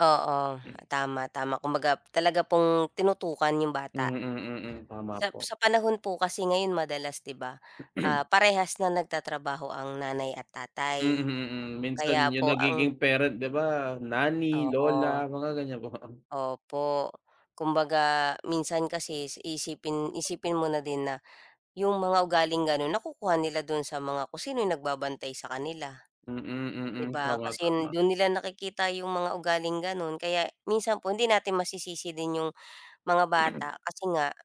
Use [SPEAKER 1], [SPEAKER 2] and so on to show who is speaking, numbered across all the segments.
[SPEAKER 1] Oo, tama, tama. Kumbaga, talaga pong tinutukan yung
[SPEAKER 2] Mm,
[SPEAKER 1] bata.
[SPEAKER 2] mm, tama
[SPEAKER 1] Sa
[SPEAKER 2] po.
[SPEAKER 1] sa panahon po kasi ngayon madalas, di ba? Ah, parehas na nagtatrabaho ang nanay at
[SPEAKER 2] Hmm,
[SPEAKER 1] tatay.
[SPEAKER 2] hmm, mm, minsan
[SPEAKER 1] Kaya
[SPEAKER 2] yung
[SPEAKER 1] po ang
[SPEAKER 2] nagiging parent, di ba, nanny,
[SPEAKER 1] Oo.
[SPEAKER 2] lola, mga ganiyan ba. [unintelligible]
[SPEAKER 1] Opo, kumbaga minsan kasi iisipin isipin mo na din na yung mga ugaling ganun, nakukuha nila dun sa mga kung sino yung nagbabantay sa kanila,
[SPEAKER 2] Mm,
[SPEAKER 1] di
[SPEAKER 2] mm,
[SPEAKER 1] ba?
[SPEAKER 2] tama,
[SPEAKER 1] Kasi
[SPEAKER 2] tama.
[SPEAKER 1] dun nila nakikita yung mga ugaling ganun. Kaya minsan po hindi natin masisisi din yung mga bata, kasi nga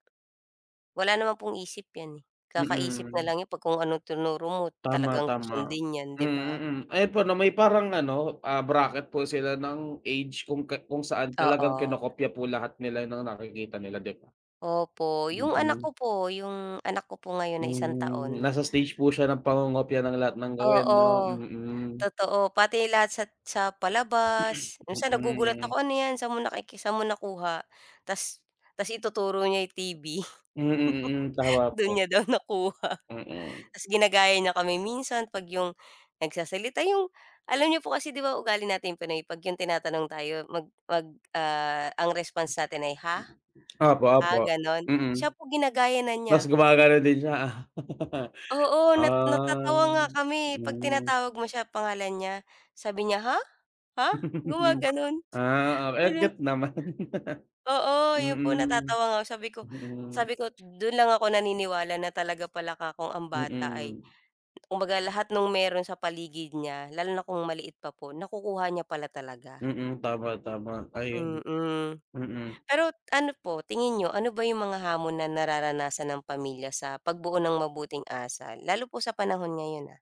[SPEAKER 1] wala naman pong isip yan eh. Kakaisip
[SPEAKER 2] Mm.
[SPEAKER 1] nalang yan 'pag kung ano tinuro mo
[SPEAKER 2] Tama,
[SPEAKER 1] talagang
[SPEAKER 2] tama,
[SPEAKER 1] susundin nyan, di
[SPEAKER 2] mm,
[SPEAKER 1] ba?
[SPEAKER 2] hmm. Ayun po, na may parang ano, ah, bracket po sila ng age kung ka kung saan talagang
[SPEAKER 1] Oo.
[SPEAKER 2] kinokopya po lahat nila ng nakikita nila, di ba?
[SPEAKER 1] Opo, yung anak
[SPEAKER 2] Mm.
[SPEAKER 1] ko po yung anak ko po ngayon na isang
[SPEAKER 2] Mhm,
[SPEAKER 1] taon.
[SPEAKER 2] nasa stage po siya ng pangongopya ng lahat ng gawin, 'no?
[SPEAKER 1] Oo,
[SPEAKER 2] Mm.
[SPEAKER 1] totoo. Pati lahat sa sa palabas. Minsan
[SPEAKER 2] Mm,
[SPEAKER 1] nagugulat
[SPEAKER 2] hmm.
[SPEAKER 1] ako, "Ano 'yan, saan mo saan mo nakuha," tas tas ituturo niya yung TV.
[SPEAKER 2] Hmm, hmm, mm, tama
[SPEAKER 1] Dun
[SPEAKER 2] po.
[SPEAKER 1] niya daw nakuha.
[SPEAKER 2] Mm.
[SPEAKER 1] Tas ginagaya niya kami minsan 'pag yung nagsasalita, yung alam n'yo po kasi di ba, ugali natin pinoy 'pag yung tinatanong tayo, mag mag ah, ang response natin ay, "Ha?
[SPEAKER 2] Opo,
[SPEAKER 1] Ha?"
[SPEAKER 2] opo,
[SPEAKER 1] gano'n.
[SPEAKER 2] mm.
[SPEAKER 1] Siya po, ginagaya na
[SPEAKER 2] Mas
[SPEAKER 1] niya.
[SPEAKER 2] gumaganun din siya, ah.
[SPEAKER 1] Oo, nat
[SPEAKER 2] Ah,
[SPEAKER 1] natatawa nga kami eh. 'Pag
[SPEAKER 2] hmm.
[SPEAKER 1] tinatawag mo siya, pangalan niya, sabi niya, "Ha? Ha?" gumaganun.
[SPEAKER 2] Ah, oh, ang
[SPEAKER 1] [unintelligible]
[SPEAKER 2] cute naman.
[SPEAKER 1] Oo, yun po,
[SPEAKER 2] Mm.
[SPEAKER 1] natatawa nga ako, sabi ko
[SPEAKER 2] Mm.
[SPEAKER 1] sabi ko, dun lang ako naniniwala na talaga pala 'ka kong ang bata ay,
[SPEAKER 2] Mm.
[SPEAKER 1] kumbaga, lahat nung meron sa paligid niya lalo na kung maliit pa po, nakukuha niya pala talaga.
[SPEAKER 2] Mm, tama, tama. Ayun,
[SPEAKER 1] Mm,
[SPEAKER 2] mm.
[SPEAKER 1] pero ano po, tingin niyo, ano ba yung mga hamon na nararanasan ng pamilya sa pagbuo ng mabuting asal? Lalo po sa panahon ngayon ah.